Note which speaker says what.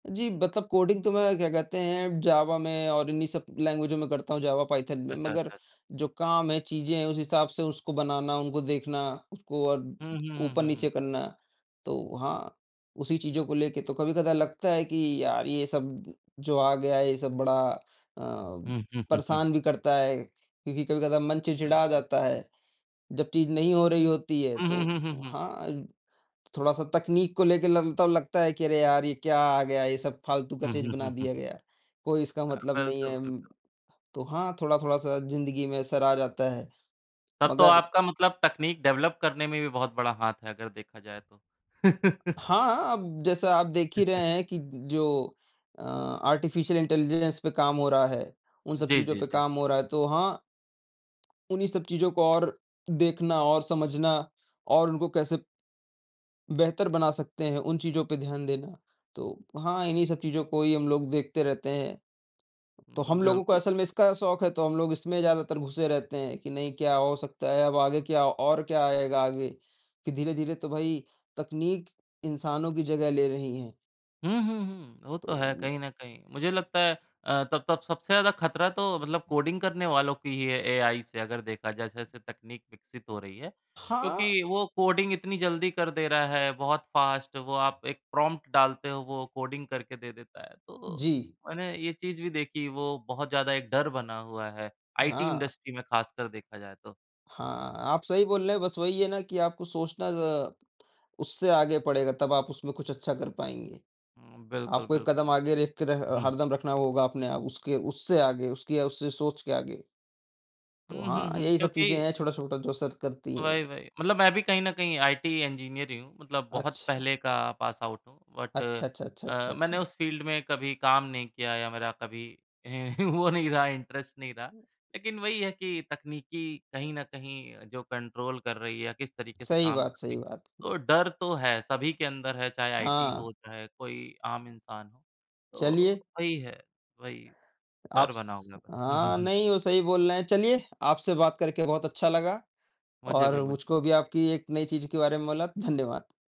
Speaker 1: जी, मतलब कोडिंग तो मैं क्या कहते हैं जावा में और इन्हीं सब लैंग्वेजो में करता हूँ जावा, पाइथन में।
Speaker 2: अच्छा,
Speaker 1: मगर
Speaker 2: अच्छा, अच्छा।
Speaker 1: जो काम है, चीज़ें हैं उस हिसाब से उसको बनाना, उनको देखना, उसको अ,
Speaker 2: हुँ, हुँ, हुँ, हुँ,
Speaker 1: ऊपर-नीचे
Speaker 2: हुँ।
Speaker 1: करना, तो हाँ, उसी चीज़ों को लेके तो कभी-कदा लगता है कि यार, ये सब जो आ गया है, ये सब बड़ा अ,
Speaker 2: हुँ, हुँ, हुँ, हुँ।
Speaker 1: परेशान भी करता है, क्योंकि कभी-कदा मन चिढ़चिढ़ा
Speaker 2: बिल्कुल।
Speaker 1: जाता है। जब चीज़ नहीं हो रही होती है
Speaker 2: हुँ, हुँ, हुँ,
Speaker 1: तो
Speaker 2: हुँ, हुँ।
Speaker 1: हाँ, थोड़ा-सा तकनीक को लेके ल तब लगता है कि अरे यार! ये क्या आ गया, ये सब फालतू का
Speaker 2: हुँ,
Speaker 1: चीज़
Speaker 2: हुँ,
Speaker 1: बना
Speaker 2: हुँ, हुँ,
Speaker 1: दिया
Speaker 2: हुँ।
Speaker 1: गया, कोई इसका
Speaker 2: अ,
Speaker 1: मतलब नहीं
Speaker 2: बिल्कुल,
Speaker 1: है उम,
Speaker 2: बिल्कुल।
Speaker 1: तो हाँ, थोड़ा-थोड़ा सा ज़िंदगी में असर आ जाता है।
Speaker 2: तब तो
Speaker 1: मगर
Speaker 2: आपका मतलब तकनीक डेवलप करने में भी बहुत बड़ा हाथ है अगर देखा जाए तो।
Speaker 1: हाँ, अब जैसा आप देख ही रहे हैं कि ज जो अ, आर्टिफ़िशियल इंटेलिजेंस पे काम हो रहा है, उन सब
Speaker 2: जी,
Speaker 1: चीज़ों
Speaker 2: जी,
Speaker 1: पे
Speaker 2: जी।
Speaker 1: काम हो रहा है तो हाँ, उन्हीं सब चीज़ों को और देखना और समझना और उनको कैसे बेहतर बना सकते हैं, उन चीज़ों पे ध्यान देना। तो हाँ, इन्हीं सब चीज़ों को ही हम लोग देखते रहते हैं।
Speaker 2: उम,
Speaker 1: तो हम
Speaker 2: बिल्कुल,
Speaker 1: लोगों को
Speaker 2: बिल्कुल,
Speaker 1: असल में इसका
Speaker 2: बिल
Speaker 1: शौक है तो हम लोग इसमें ज़्यादातर घुसे रहते हैं कि नहीं क्या हो सकता है अब आगे क्या और क्या आएगा आगे, कि धीरे-धीरे तो भई, तकनीक इंसानों की जगह ले रही है।
Speaker 2: हुँ, हुँ, हुँ, वो
Speaker 1: तो
Speaker 2: तो है
Speaker 1: उम
Speaker 2: कहीं न कहीं। मुझे लगता है अ, तब तब सबसे ज़्यादा खतरा तो मतलब कोडिंग करने वालों की ही है एआई से अगर देखा जाए जैसे-जैसे तकनीक विकसित हो रही है,
Speaker 1: हाँ।
Speaker 2: क्योंकि वो कोडिंग इतनी जल्दी कर दे रहा है, बहुत फास्ट। वो आप एक प्रॉम्प्ट डालते हो, वो कोडिंग करके दे देता है, तो
Speaker 1: जी।
Speaker 2: मैंने ये चीज़ भी देखी। वो बहुत ज़्यादा एक डर बना हुआ है आईटी
Speaker 1: हाँ।
Speaker 2: इंडस्ट्री में ख़ासकर देखा जाए तो।
Speaker 1: हाँ, आप सही बोल रहे हैं। बस वही है ना कि आपको सोचना ज़ उससे आगे पड़ेगा तब आप उसमें कुछ अच्छा कर पाएँगे।
Speaker 2: उम, बिल्कुल,
Speaker 1: आपको एक
Speaker 2: बिल्कुल,
Speaker 1: कदम आगे रख के रह
Speaker 2: बिल उहुँ।
Speaker 1: हरदम रखना होगा अपने आप उसके उससे आगे, उसकी या उससे सोच के आगे। तो
Speaker 2: हुँ,
Speaker 1: हाँ,
Speaker 2: हुँ, हुँ,
Speaker 1: यही सब चीज़ें
Speaker 2: क्योंकि
Speaker 1: हैं छोटा-छोटा जो असर करती हैं।
Speaker 2: वही, वही मतलब मैं भी कहीं न कहीं आईटी इंजीनियर ही हूँ। मतलब बहुत
Speaker 1: अच्छा।
Speaker 2: पहले का पासआउट हूँ बट
Speaker 1: अच्छा, अच्छा, अच्छा, अच्छा,
Speaker 2: अ, मैंने
Speaker 1: अच्छा।
Speaker 2: उस फील्ड में कभी काम नहीं किया या मेरा कभी वो नहीं रहा, इंटरेस्ट नहीं रहा। लेकिन वही है कि तकनीकी कहीं न कहीं जो कंट्रोल कर रही है या किस तरीके से
Speaker 1: सही
Speaker 2: काम
Speaker 1: बात,
Speaker 2: कर रही
Speaker 1: सही
Speaker 2: है,
Speaker 1: बात।
Speaker 2: तो डर तो है। सभी के अंदर है, चाहे आईटी
Speaker 1: हाँ।
Speaker 2: हो, चाहे कोई आम इंसान हो। तो
Speaker 1: चलिए
Speaker 2: वही है वही
Speaker 1: आप
Speaker 2: डर
Speaker 1: स
Speaker 2: बना हुआ है। हुँ, हुँ,
Speaker 1: हाँ
Speaker 2: हुँ।
Speaker 1: नहीं, वो सही बोल रहे हैं। चलिए, आपसे बात करके बहुत अच्छा लगा
Speaker 2: मुझे भी
Speaker 1: और
Speaker 2: मु
Speaker 1: मुझको भी आपकी एक नई चीज़ के बारे में मोला, धन्यवाद।